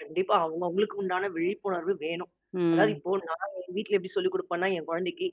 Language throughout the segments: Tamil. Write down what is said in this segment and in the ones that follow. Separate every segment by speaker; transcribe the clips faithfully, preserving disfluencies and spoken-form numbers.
Speaker 1: கண்டிப்பா. அவங்க அவங்களுக்கு உண்டான விழிப்புணர்வு வேணும். அதாவது
Speaker 2: ம்.
Speaker 1: இப்போ நான் என் வீட்ல எப்டி சொல்லிக் குடுப்பேன்னா, என் குழந்தைக்கு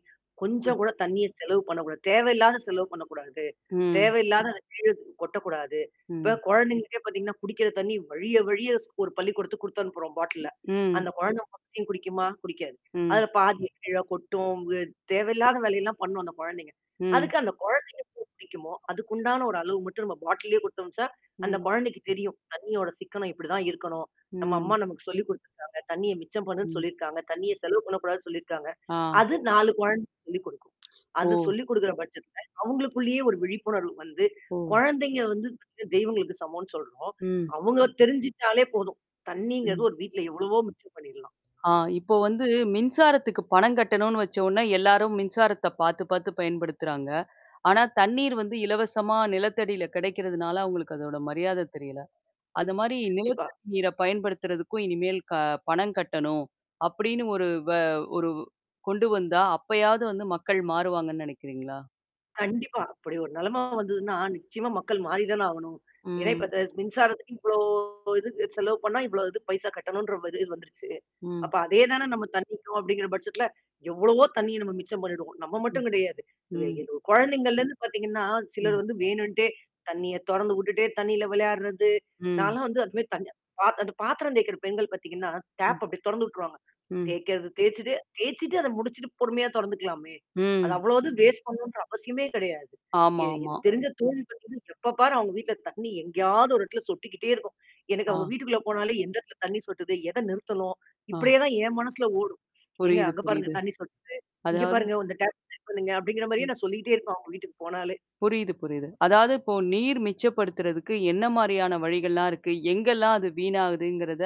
Speaker 2: ம்.
Speaker 1: கொஞ்சம் கூட தண்ணீிய செலவு பண்ணக்கூடாது. தேவையில்லாத செலவு பண்ணக்கூடாது.
Speaker 2: ம்.
Speaker 1: தேவையில்லாத அந்த கீழ கொட்டக்கூடாது. இப்ப
Speaker 2: ம்.
Speaker 1: குழந்தைங்களுக்கே பார்த்தீங்கன்னா, குடிக்கிற தண்ணீ வழிய வழிய ஸ் ஒரு பள்ளிக்கூடத்துக்கு குடுத்து அனுப்புறோம் பாட்டில்ல.
Speaker 2: ம்.
Speaker 1: அந்த குழந்தை மத்தியையும் குடிக்குமா? குடிக்காது.
Speaker 2: ம்.
Speaker 1: அதுல பாதிய கீழ கொட்டும், அ தேவையில்லாத வேலையெல்லாம் பண்ணும் அந்த குழந்தைங்க.
Speaker 2: ம்.
Speaker 1: அதுக்கு அந்த குழந்தைக்கு எ குடிக்குமோ, அதுக்குண்டான ஒரு அளவு மட்டும் நம்ப பாட்டில்லயே குடுத்தோம்ச்சா, அந்த
Speaker 2: ம்.
Speaker 1: குழந்தைக்கு தெரியும். தண்ணியோட சிக்கனம் இப்டிதான் இருக்கணும். நம்ம
Speaker 2: ம்.
Speaker 1: அம்மா நமக்கு சொல்லிக் குடுத்துருக்காங்க. தண்ணீய மிச்சம் பண்ணுன்னு
Speaker 2: ம்.
Speaker 1: சொல்லியிருக்காங்க. தண்ணீய செலவு பண்ணக்கூடாதுன்னு சொல்லியிருக்காங்க.
Speaker 2: ஆ.
Speaker 1: அது நாலு குழந்தை சொல்லிக் குடுக்கும். அது
Speaker 2: ஓ!
Speaker 1: சொல்லிக் குடுக்குற பட்சத்துல, அவங்களுக்குள்ளேயே ஒரு விழிப்புணர்வு வந்து
Speaker 2: ஓ.
Speaker 1: குழந்தைங்க வந்து [unintelligible] தெய்வங்களுக்கு சமம்ன்னு சொல்றோம்.
Speaker 2: ம்.
Speaker 1: அவங்கள தெரிஞ்சுட்டாலே போதும். தண்ணீங்குறது
Speaker 2: ம்.
Speaker 1: ஒரு வீட்ல எவ்ளவோ மிச்ச பண்ணிரலாம்.
Speaker 2: ஆ இப்போ வந்து மின்சாரத்துக்கு பணம் கட்டணும்னு வச்ச ஒனே எல்லாரும் மின்சாரத்த பாாரத்து பாார்த்து பயன்படுத்துறாங்க. ஆனா தண்ணீர் வந்து இலவசமா நிலத்தடியில கிடைக்கிறதுனால அவங்களுக்கு அதோட மரியாதை தெரியல. அது மாரி
Speaker 1: கண்டிப்பா.
Speaker 2: நிலத்தடி நீர பயன்படுத்துறதுக்கும் இனிமேல் க பணம் கட்டணும். அப்டின்னு ஒரு வ ஒரு கொண்டு வந்தா அப்பயாவது வந்து மக்கள் மாறுவாங்கன்னு நெனைக்கிறீங்களா?
Speaker 1: கண்டிப்பா. அப்டி ஒரு நெலைம வந்ததுன்னா, நிச்சியமா மக்கள் மாறி தானே ஆகணும். ஏன்னா, இப்ப
Speaker 2: ம்.
Speaker 1: த மின்சாரத்துக்கு இவ்ளோ இதுக்கு செலவு பண்ணா இவ்வளோ இது பைசா கட்டணுன்ற இது வந்துருச்சு.
Speaker 2: ம்.
Speaker 1: அப்ப அதே தானே நம்ம தண்ணீக்கும் அப்டிங்கிற பட்சத்துல எவ்வளவோ தண்ணீர் நம்ம மிச்சம் பண்ணிடுவோம். நம்ம
Speaker 2: ம்.
Speaker 1: மட்டும் கிடையாது. இதுல
Speaker 2: ம்.
Speaker 1: இதுல குழந்தைங்கள்லேருந்து பார்த்தீங்கன்னா, சிலர்
Speaker 2: ம்.
Speaker 1: வந்து வேணுன்ட்டே தண்ணீய தொறந்து விட்டுட்டே தண்ணீல விளையாடுறது
Speaker 2: ம்.
Speaker 1: நான்லாம் வந்து அதுமாரி தண் பாத் அந்த பாத்திரம் தேய்கிற பெண்கள் பார்த்தீங்கன்னா,
Speaker 2: ம்.
Speaker 1: டாப் அப்டியியே தொறந்து விட்டுருவாங்க.
Speaker 2: ம்.
Speaker 1: தேய்க்காது தேய்ச்சுட்டு தேய்ச்சுட்டு அத முடிச்சுட்டு பொறுமையா தொறந்துக்கலாமே! அத
Speaker 2: ம்.
Speaker 1: அவ்வளோ வது வேஸ்ட் பண்ணணும்ன்ற அவசியமே கிடையாது. எ
Speaker 2: ஆமாமா.
Speaker 1: எனக்கு தெரிஞ்ச தோழி பண்றது, எப்ப பாரு அவங்க வீட்ல தண்ணி எங்கேயாவது ஒரு இடத்துல சொட்டிக்கிட்டே இருக்கும். எனக்கு அவங்க
Speaker 2: ஆ.
Speaker 1: வீட்டுக்குள்ள போனாலே எந்த இடத்துல தண்ணீ சொட்டுது எத நிறுத்தணும்? இப்டியே
Speaker 2: ஆ.
Speaker 1: தான் என் மனசுல ஓடும். ஏங்க
Speaker 2: புரியுது,
Speaker 1: அங்க பாருங்க
Speaker 2: புரியுது.
Speaker 1: தண்ணீ சொட்டுது. இங்க
Speaker 2: அதாவது
Speaker 1: பாருங்க, இந்த டாப் சரி பண்ணுங்க அப்டிங்கிற மாரியே
Speaker 2: ம்.
Speaker 1: நான் சொல்லிட்டே இருப்பேன் அவங்க வீட்டுக்கு போனாலே.
Speaker 2: புரியுது, புரியுது. அதாவது இப்போ நீர் மிச்சப்படுத்துறதுக்கு என்ன மாரியான வழிகள்லாம் இருக்கு? எங்கெல்லாம் அது வீணாகுதுங்கிறத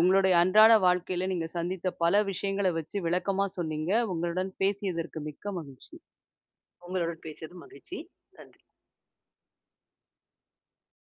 Speaker 2: உங்களுடைய அன்றாட வாழ்க்கையில நீங்க சந்தித்த பல விஷயங்கள வச்சு விளக்கமா சொன்னீங்க. உங்களுடன் பேசியதற்கு மிக்க மகிழ்ச்சி.
Speaker 1: உங்களுடன் பேசியது மகிழ்ச்சி. நன்றி.